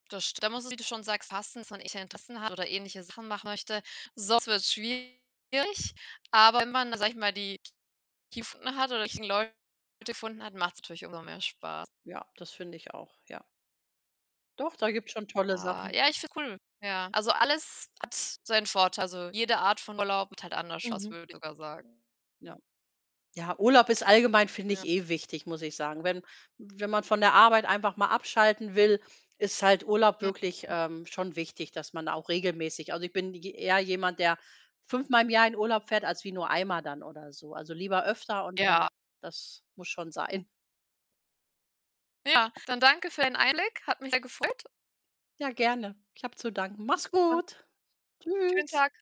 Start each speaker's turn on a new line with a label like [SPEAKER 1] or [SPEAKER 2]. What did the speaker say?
[SPEAKER 1] Das [unintelligible] wie du schon sagst, passen sondern ich ein Interesse habe oder ähnliche Sachen machen möchte. Sonst wird's schwierig, aber wenn man, sage ich mal, die [unintelligible] gefunden hat oder die richtigen Leute gefunden hat, macht's natürlich umso mehr Spaß.
[SPEAKER 2] Ja, das finde ich auch, ja. Doch, da gibt's schon tolle
[SPEAKER 1] Ah,
[SPEAKER 2] Sachen.
[SPEAKER 1] ja, ich finde cool. Ja, also, alles hat seinen Vorteil. Also, jede Art von Urlaub macht halt anders Spaß,
[SPEAKER 2] Mhm.
[SPEAKER 1] würde ich sogar sagen. Hm.
[SPEAKER 2] Ja. Ja, Urlaub ist allgemein finde ich,
[SPEAKER 1] Ja.
[SPEAKER 2] eh wichtig, muss ich sagen. Wenn Wenn man von der Arbeit einfach mal abschalten will, ist halt Urlaub
[SPEAKER 1] Ja.
[SPEAKER 2] wirklich,
[SPEAKER 1] Ja.
[SPEAKER 2] ähm, schon wichtig, dass man auch regelmäßig also, ich bin j eher jemand, der fünfmal im Jahr in Urlaub fährt, als wie nur einmal dann oder so. Also, lieber öfter und dann
[SPEAKER 1] Ja.
[SPEAKER 2] das muss schon sein.
[SPEAKER 1] Ja, dann danke für deinen Einblick. Hat mich sehr gefreut.
[SPEAKER 2] Ja, gerne. Ich habe zu danken. Mach's
[SPEAKER 1] Und
[SPEAKER 2] gut.
[SPEAKER 1] schönen
[SPEAKER 2] Tschüss.
[SPEAKER 1] Tag.